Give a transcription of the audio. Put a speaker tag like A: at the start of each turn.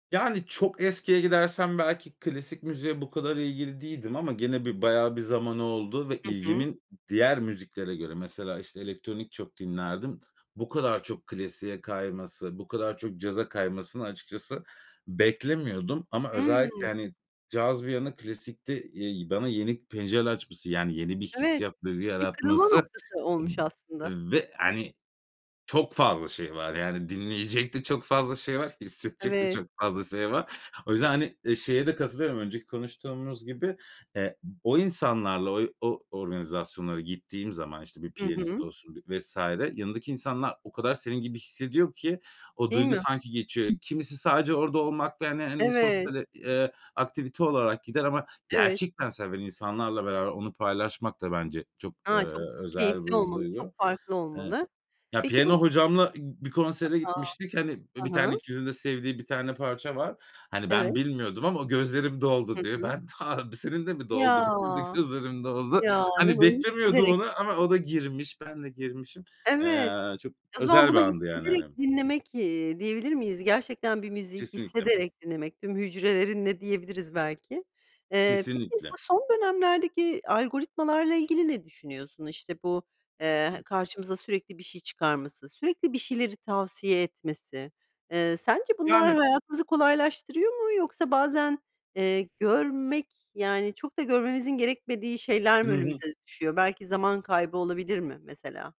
A: Yani, çok eskiye gidersem, belki klasik müziğe bu kadar ilgili değildim ama gene bir bayağı bir zamanı oldu ve
B: Hı hı.
A: ilgimin d diğer müziklere göre mesela işte elektronik çok dinlerdim. Bu kadar çok klasiğe kayması, bu kadar çok caza kaymasını, açıkçası beklemiyordum ama özellikle,
B: Hımm.
A: hani, caz bir yana hani klasikte, eee, bana yeni pencereler açması, yani, yeni bir
B: Evet,
A: hissiyat duygu
B: bir kırılma
A: yaratması
B: noktası olmuş aslında.
A: b ve hani çok fazla şey var yani dinleyecek de çok fazla şey var, hissedecek de
B: Evet.
A: çok fazla şey var. O yüzden, hani, eee, şeye de katılıyorum önceki konuştuğumuz gibi. Eee, o insanlarla oy o organizasyonlara gittiğim zaman, işte bir
B: Hı
A: piyanist
B: hı.
A: olsun, bir vs. yanındaki insanlar o kadar senin gibi hissediyor ki o
B: Değil
A: duygu
B: mi?
A: sanki geçiyor. Kimisi sadece orada olmakta, hani, hani,
B: Evet.
A: sosyal et eee, aktivite olarak gider ama
B: Evet.
A: gerçekten seven insanlarla beraber onu paylaşmak da bence çok, eee,
B: A. Çok
A: özel
B: keyifli
A: bir
B: olmalı, çok
A: duygu.
B: farklı
A: Iıı,
B: olmalı.
A: ya
B: Peki bu s
A: piyano hocamla i bir
B: A,
A: konsere
B: a!
A: gitmiştik. Hani, i, bir
B: Hı
A: tane
B: hı.
A: ikilinin de sevdiği bir tane parça var. Hani, ben
B: Evet.
A: bilmiyordum ama o: "Gözlerim
B: Hı
A: doldu diyor."
B: hı.
A: Ben ha b "Senin de mi
B: Ya!
A: doldu? Benim de gözlerim doldu."
B: Ya ne
A: Hani,
B: gu
A: beklemiyordum
B: hissederek
A: onu ama o da girmiş. Ben de girmişim.
B: Evet.
A: Eee, çok
B: O zaman,
A: özel bir
B: bunu
A: andı yani
B: hissederek
A: hani.
B: dinlemek, eee, diyebilir miyiz? Gerçekten bir müziği
A: Kesinlikle.
B: hissederek dinlemek, tüm hücrelerinle diyebiliriz belki. Eee, peki bu
A: Kesinlikle.
B: son dönemlerdeki algoritmalarla ilgili ne düşünüyorsun? İşte bu, eee, karşımıza sürekli bir şey çıkarması, sürekli bir şeyleri tavsiye etmesi. Eee, sence bunlar
A: Yani.
B: hayatımızı kolaylaştırıyor mu yoksa bazen, eee, görmek, yani çok da görmemizin gerekmediği şeyler mi
A: Hı hı.
B: önümüze düşüyor? Belki zaman kaybı olabilir mi mesela?